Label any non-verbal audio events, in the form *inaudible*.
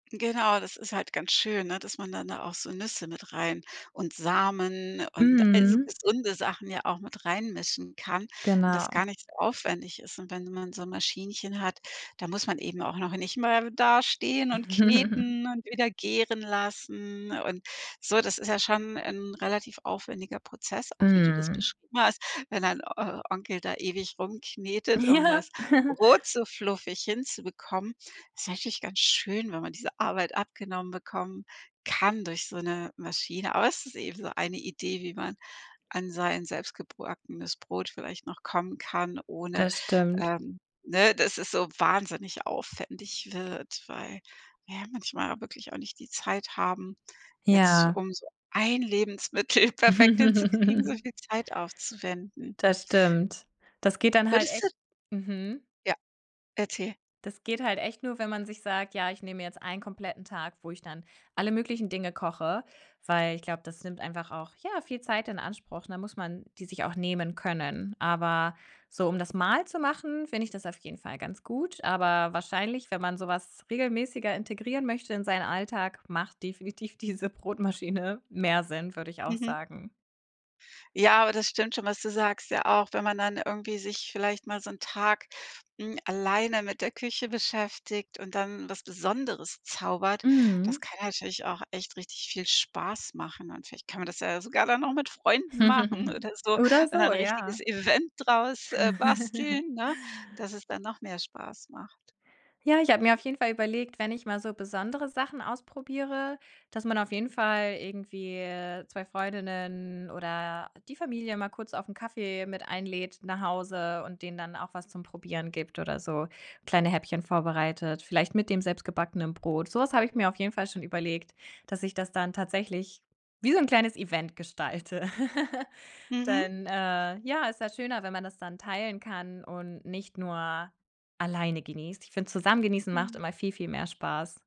Genau, das ist halt ganz schön, ne, dass man dann da auch so Nüsse mit rein und Samen und all so Mhm. gesunde Sachen ja auch mit reinmischen kann und das Genau. gar nicht so aufwendig ist und wenn man so 'n Maschinchen hat, da muss man eben auch noch nicht mehr da stehen und *chuckles* kneten und wieder gären lassen und so. Das ist ja schon 'n relativ aufwendiger Prozess, auch wie du das Mhm. beschrieben hast, wenn dein O Onkel da ewig rumknetet, um Ja. das *chuckles* Brot so fluffig hinzubekommen ist eigentlich ganz schön, wenn man diese Arbeit abgenommen bekommen kann durch so 'ne Maschine. Aber es ist eben so eine Idee, wie man an sein selbstgebackenes Brot vielleicht noch kommen kann, ohne, Das stimmt. ähm, ne, dass es so wahnsinnig aufwendig wird, weil wir ja manchmal wirklich auch nicht die Zeit haben, jetzt Ja. um so 1 Lebensmittel perfekt hinzukriegen, so *chuckles* viel Zeit aufzuwenden. Das stimmt. Das geht dann halt Würdest du echt mhm. Ja, erzähl. Das geht halt echt nur, wenn man sich sagt: „Ja, ich nehme mir jetzt einen kompletten Tag, wo ich dann alle möglichen Dinge koche." Weil ich glaube, das nimmt einfach auch, ja, viel Zeit in Anspruch, ne, dann muss man die sich auch nehmen können. Aber so, um das mal zu machen, finde ich das auf jeden Fall ganz gut, aber wahrscheinlich, wenn man so was regelmäßiger integrieren möchte in seinen Alltag, macht definitiv diese Brotmaschine mehr Sinn, würde ich auch Mhm. sagen. Ja, aber das stimmt schon, was du sagst, ja, auch wenn man dann irgendwie sich vielleicht mal so 'n Tag, hm, alleine mit der Küche beschäftigt und dann was Besonderes zaubert. Das Mhm. kann natürlich auch echt richtig viel Spaß machen und vielleicht kann man das ja sogar dann noch mit Freunden machen *chuckles* oder so Oder und so, ein ja. richtiges Event draus, äh, *chuckles* basteln, ne, dass es dann noch mehr Spaß macht. Ja, ich habe mir auf jeden Fall überlegt, wenn ich mal so besondere Sachen ausprobiere, dass man auf jeden Fall irgendwie, äh, 2 Freundinnen oder die Familie mal kurz auf 'n Kaffee mit einlädt nach Hause und denen dann auch was zum Probieren gibt oder so kleine Häppchen vorbereitet, vielleicht mit dem selbstgebackenen Brot. So was habe ich mir auf jeden Fall schon überlegt, dass ich das dann tatsächlich wie so 'n kleines Event gestalte, *chuckles* Mhm. denn, äh, ja, ist ja schöner, wenn man das dann teilen kann und nicht nur alleine genießt. Ich finde, zusammen genießen macht Mhm. immer viel, viel mehr Spaß.